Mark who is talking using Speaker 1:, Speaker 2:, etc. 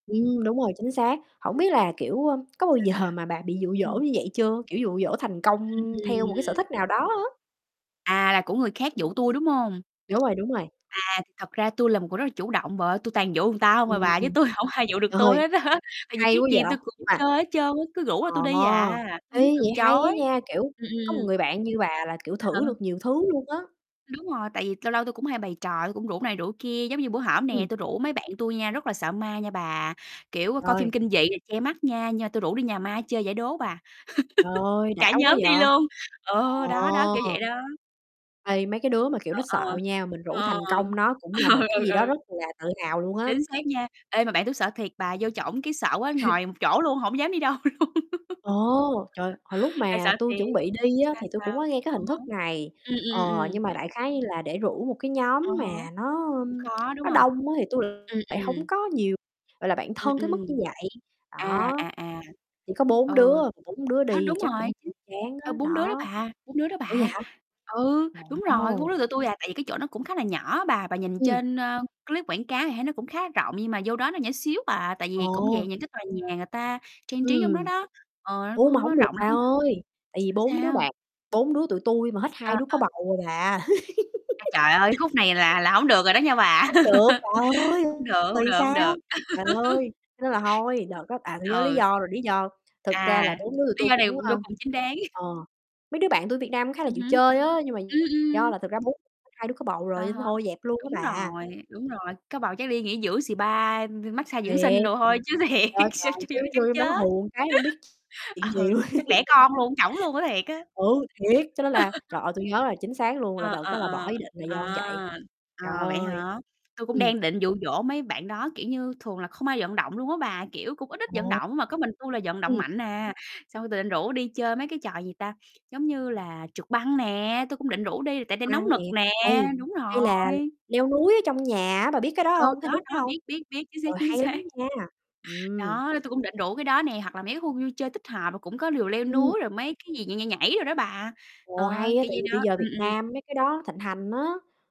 Speaker 1: Ừm, đúng rồi, chính xác. Hổng biết là, kiểu, ơ, có bao
Speaker 2: Sao,
Speaker 1: giờ mà bà bị dụ
Speaker 2: sao?
Speaker 1: dỗ
Speaker 2: Ừm.
Speaker 1: như vậy chưa? Kiểu, dụ dỗ thành công theo một cái sở
Speaker 2: Ừm.
Speaker 1: thích nào đó á.
Speaker 2: À, là của người khác dụ tui, đúng hông?
Speaker 1: Đúng rồi, đúng rồi.
Speaker 2: À, thì thật ra tui là một người rất là chủ động bà ơi, tui toàn dụ người ta hông
Speaker 1: Ừm,
Speaker 2: à bà chứ
Speaker 1: ừm.
Speaker 2: tui hổng ai dụ được tui
Speaker 1: Rồi,
Speaker 2: hết á, tại vì
Speaker 1: hay
Speaker 2: cái
Speaker 1: quá
Speaker 2: gì
Speaker 1: vậy,
Speaker 2: tui
Speaker 1: nhưng
Speaker 2: cũng
Speaker 1: mà
Speaker 2: chơi hết trơn á, cứ rủ
Speaker 1: ờ,
Speaker 2: là tui đi à, tui
Speaker 1: ê,
Speaker 2: muốn từ
Speaker 1: vậy hay á
Speaker 2: chối,
Speaker 1: nha, kiểu,
Speaker 2: ừm,
Speaker 1: có một
Speaker 2: ừm.
Speaker 1: người bạn như bà là, kiểu,
Speaker 2: À ha.
Speaker 1: thử được nhiều thứ luôn á.
Speaker 2: Đúng rồi, tại vì lâu lâu tôi cũng hay bày trò, tui cũng rủ này rủ kia, giống như bữa hổm nè,
Speaker 1: Ừm.
Speaker 2: tui rủ mấy bạn tui nha, rất là sợ ma nha bà, kiểu, ơ, coi phim
Speaker 1: Rồi.
Speaker 2: kinh dị nè, che mắt nha, nhưng mà tui rủ đi nhà ma chơi giải đố bà.
Speaker 1: Trời ơi, đã
Speaker 2: Cả
Speaker 1: quá
Speaker 2: nhóm
Speaker 1: vậy!
Speaker 2: đi luôn, ờ, đó đó, kiểu
Speaker 1: Ờ!
Speaker 2: vậy đó.
Speaker 1: Ê, mấy cái đứa mà, kiểu, nó
Speaker 2: Ờ,
Speaker 1: sợ
Speaker 2: ờ,
Speaker 1: nha, mình rủ thành
Speaker 2: ờ.
Speaker 1: công nó cũng là một cái
Speaker 2: Ừ,
Speaker 1: gì đó
Speaker 2: ừ.
Speaker 1: rất là tự hào luôn á.
Speaker 2: Chính xác nha. Ê, mà bạn tui sợ thiệt bà, vô trỏng cái sợ quá ngồi một chỗ luôn, hổng dám đi đâu luôn.
Speaker 1: Ồ! Trời! Hồi lúc
Speaker 2: Tại sợ
Speaker 1: mà tui
Speaker 2: thiệt.
Speaker 1: chuẩn bị đi á,
Speaker 2: sao,
Speaker 1: thì tui
Speaker 2: sao?
Speaker 1: cũng có nghe cái
Speaker 2: À
Speaker 1: hình
Speaker 2: há.
Speaker 1: thức này,
Speaker 2: Ừm,
Speaker 1: ờ,
Speaker 2: ừm, ừm.
Speaker 1: nhưng mà đại khái như là để rủ một cái
Speaker 2: À
Speaker 1: nhóm
Speaker 2: há.
Speaker 1: mà nó,
Speaker 2: Cũng
Speaker 1: ơm,
Speaker 2: khó, đúng
Speaker 1: nó
Speaker 2: hông?
Speaker 1: đông á, thì tui lại
Speaker 2: Ừm,
Speaker 1: lại
Speaker 2: ừm.
Speaker 1: hông có nhiều, gọi là, bạn
Speaker 2: Ừm,
Speaker 1: thân tới mức
Speaker 2: ừm.
Speaker 1: như vậy,
Speaker 2: À,
Speaker 1: đó.
Speaker 2: à, à.
Speaker 1: Chỉ có 4 đứa,
Speaker 2: Ừ,
Speaker 1: mà 4 đứa đi
Speaker 2: đó,
Speaker 1: thì
Speaker 2: đúng
Speaker 1: chắc
Speaker 2: rồi,
Speaker 1: cũng
Speaker 2: chính
Speaker 1: chán á,
Speaker 2: ơ, 4 đứa đó
Speaker 1: đó.
Speaker 2: bà, 4 đứa đó
Speaker 1: Ủa vậy
Speaker 2: bà.
Speaker 1: hả?
Speaker 2: Ừ, đúng rồi, có
Speaker 1: Ồ.
Speaker 2: 4 đưa tụi tui, à, tại vì cái chỗ nó cũng khá là nhỏ á bà, bà nhìn
Speaker 1: Ừm.
Speaker 2: trên, ơ, clip quảng cáo thì thấy nó cũng khá rộng nhưng mà vô đó nó nhỏ xíu à, tại
Speaker 1: Ờ.
Speaker 2: vì cũng dạng những cái tòa nhà người ta trang trí trong đó
Speaker 1: Ừm.
Speaker 2: đó ờ, nó
Speaker 1: Ủa?
Speaker 2: cũng
Speaker 1: Mà
Speaker 2: hông có
Speaker 1: hổng được
Speaker 2: rộng
Speaker 1: bà
Speaker 2: lắm đ
Speaker 1: ơi, tại vì
Speaker 2: sao,
Speaker 1: 4 đứa
Speaker 2: sao?
Speaker 1: bạn bốn đứa tụi tui mà hết
Speaker 2: À,
Speaker 1: 2 đứa có
Speaker 2: ờ.
Speaker 1: bầu rồi bà.
Speaker 2: A, trời ơi! Khúc này là là hổng được rồi đó nha bà.
Speaker 1: Hông được, bà ơi!
Speaker 2: Hông được, hông
Speaker 1: Rồi
Speaker 2: được, hông
Speaker 1: sao?
Speaker 2: được.
Speaker 1: Trời ơi! Cho nên là thôi, đợt đó à, tui nhớ lý
Speaker 2: ừ.
Speaker 1: do rồi, lý do thực
Speaker 2: À,
Speaker 1: ra là 4 đứa tụi
Speaker 2: lý
Speaker 1: tui
Speaker 2: do này
Speaker 1: cũng,
Speaker 2: vô
Speaker 1: a
Speaker 2: cùng chính đáng.
Speaker 1: ờ, mấy đứa bạn tui ở Việt Nam khá là
Speaker 2: Ừm
Speaker 1: chịu
Speaker 2: hứm.
Speaker 1: chơi á, nhưng mà
Speaker 2: Ừm,
Speaker 1: do
Speaker 2: ừm.
Speaker 1: là thực ra 4 [unintelligible] 2 đứa có bầu rồi
Speaker 2: À
Speaker 1: nên
Speaker 2: há.
Speaker 1: thôi dẹp luôn á
Speaker 2: Đúng
Speaker 1: bà.
Speaker 2: rồi, đúng rồi, có bầu chắc đi nghỉ dưỡng spa, đi mát-xa dưỡng
Speaker 1: Thiệt.
Speaker 2: sinh đồ thôi chứ
Speaker 1: Trời
Speaker 2: thiệt
Speaker 1: ơi
Speaker 2: s
Speaker 1: trời!
Speaker 2: chui
Speaker 1: Chứ
Speaker 2: vô đó
Speaker 1: vô
Speaker 2: chắc
Speaker 1: trong đó
Speaker 2: chết.
Speaker 1: hù một cái hông biết chuyện gì
Speaker 2: Ờ,
Speaker 1: luôn.
Speaker 2: chắc đẻ con luôn ở trỏng luôn á, thiệt á.
Speaker 1: Ừ, thiệt, cho nên là trời ơi! Tui nhớ là chính xác luôn là
Speaker 2: Ờ,
Speaker 1: đợt
Speaker 2: ờ,
Speaker 1: đó là bỏ
Speaker 2: ờ,
Speaker 1: ý định là do như
Speaker 2: ờ,
Speaker 1: vậy. Trời
Speaker 2: ờ, vậy
Speaker 1: ơi!
Speaker 2: hả? Tui cũng
Speaker 1: Ừm.
Speaker 2: đang định dụ dỗ mấy bạn đó, kiểu như, thường là không ai vận động luôn á bà, kiểu, cũng ít ít vận
Speaker 1: Ồ.
Speaker 2: động mà có mình tui là vận động
Speaker 1: Ừm.
Speaker 2: mạnh à, xong tui định rủ đi chơi mấy cái trò, gì ta, giống như là trượt băng nè, tui cũng định rủ đi tại đây nóng
Speaker 1: Băng
Speaker 2: nực
Speaker 1: nè.
Speaker 2: nè,
Speaker 1: Hay
Speaker 2: đúng
Speaker 1: hay là
Speaker 2: rồi.
Speaker 1: leo núi ở trong nhà á, bà biết cái đó
Speaker 2: Ừ,
Speaker 1: hông? Cái
Speaker 2: đó
Speaker 1: hình thức
Speaker 2: đó,
Speaker 1: đó hông?
Speaker 2: biết, biết, biết, chính xác,
Speaker 1: Trời,
Speaker 2: chính
Speaker 1: hay lắm
Speaker 2: xác.
Speaker 1: nha! Ừm.
Speaker 2: Đó, nên tui cũng định rủ cái đó nè, hoặc là mấy cái khu vui chơi tích hợp đồ cũng có lều leo
Speaker 1: Ừm.
Speaker 2: núi rồi mấy cái gì nhảy, nhảy, nhảy đồ đó bà,
Speaker 1: Ồ,
Speaker 2: ờ,
Speaker 1: hay á,
Speaker 2: kiểu
Speaker 1: tại
Speaker 2: vậy
Speaker 1: vì
Speaker 2: đó,
Speaker 1: bây giờ
Speaker 2: ừm,
Speaker 1: Việt
Speaker 2: ừm.
Speaker 1: Nam mấy cái đó thịnh hành á.